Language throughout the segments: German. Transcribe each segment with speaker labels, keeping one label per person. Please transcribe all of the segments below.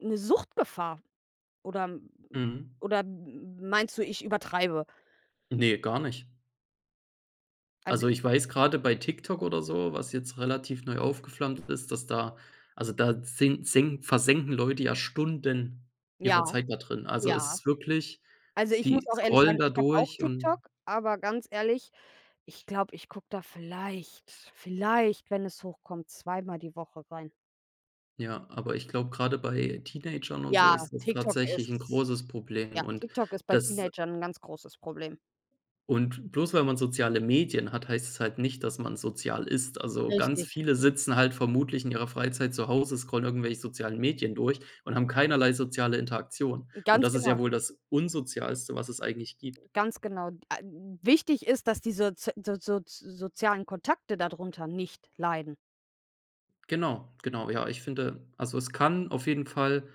Speaker 1: Ne Suchtgefahr? Oder m
Speaker 2: Mhm.
Speaker 1: oder m meinst du, ich übertreibe?
Speaker 2: Ne, gar nicht.
Speaker 1: Also,
Speaker 2: Also,
Speaker 1: i
Speaker 2: ich weiß, gerade bei TikTok oder so, was jetzt relativ neu aufgeflammt ist, dass da also, da sink senk versenken Leute ja Stunden ihrer
Speaker 1: Ja,
Speaker 2: Zeit da drin. Also, es
Speaker 1: ja.
Speaker 2: ist wirklich,
Speaker 1: Also, ich muss
Speaker 2: die
Speaker 1: auch ehrlich
Speaker 2: scrollen
Speaker 1: sagen,
Speaker 2: da
Speaker 1: ich habe auch
Speaker 2: durch
Speaker 1: TikTok,
Speaker 2: und
Speaker 1: aber ganz ehrlich, ich glaube, ich gucke da vielleicht, vielleicht, wenn es hochkommt, zweimal die Woche rein.
Speaker 2: Ja, aber ich glaube gerade bei Teenagern und so
Speaker 1: Ja,
Speaker 2: ist das
Speaker 1: TikTok ist
Speaker 2: tatsächlich 'n großes Problem
Speaker 1: Ja,
Speaker 2: und
Speaker 1: TikTok ist bei
Speaker 2: das
Speaker 1: Teenagern 'n ganz großes Problem.
Speaker 2: Und bloß weil man soziale Medien hat, heißt es halt nicht, dass man sozial ist. Also, ganz
Speaker 1: Richtig.
Speaker 2: viele sitzen halt vermutlich in ihrer Freizeit zu Hause, scrollen irgendwelche sozialen Medien durch und haben keinerlei soziale Interaktion. Und
Speaker 1: Ganz
Speaker 2: das ist
Speaker 1: genau.
Speaker 2: ja wohl das Unsozialste, was es eigentlich gibt.
Speaker 1: Ganz genau. D ä wichtig ist, dass die soz so so sozialen Kontakte darunter nicht leiden.
Speaker 2: Genau, genau. Ja, ich finde, also, es kann auf jeden Fall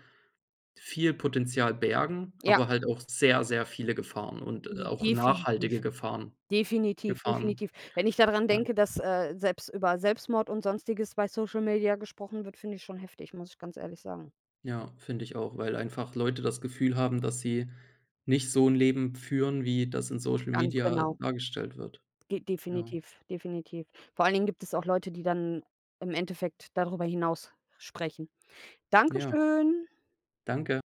Speaker 2: viel Potenzial bergen,
Speaker 1: Ja.
Speaker 2: aber halt auch sehr, sehr viele Gefahren und, äh,
Speaker 1: J
Speaker 2: auch
Speaker 1: definitiv.
Speaker 2: nachhaltige Gefahren.
Speaker 1: Definitiv,
Speaker 2: Gefahren.
Speaker 1: definitiv. Wenn ich daran
Speaker 2: Ja.
Speaker 1: denke, dass, äh, selbst über Selbstmord und Sonstiges bei Social Media gesprochen wird, finde ich schon heftig, muss ich ganz ehrlich sagen.
Speaker 2: Ja, finde ich auch, weil einfach Leute das Gefühl haben, dass sie nicht so 'n Leben führen, wie das in Social
Speaker 1: Ganz
Speaker 2: Media
Speaker 1: genau.
Speaker 2: dargestellt wird.
Speaker 1: Ge
Speaker 2: Ja.
Speaker 1: definitiv, definitiv. Vor allen Dingen gibt es auch Leute, die dann im Endeffekt darüber hinaus sprechen.
Speaker 2: Ja.
Speaker 1: Dankeschön.
Speaker 2: Danke.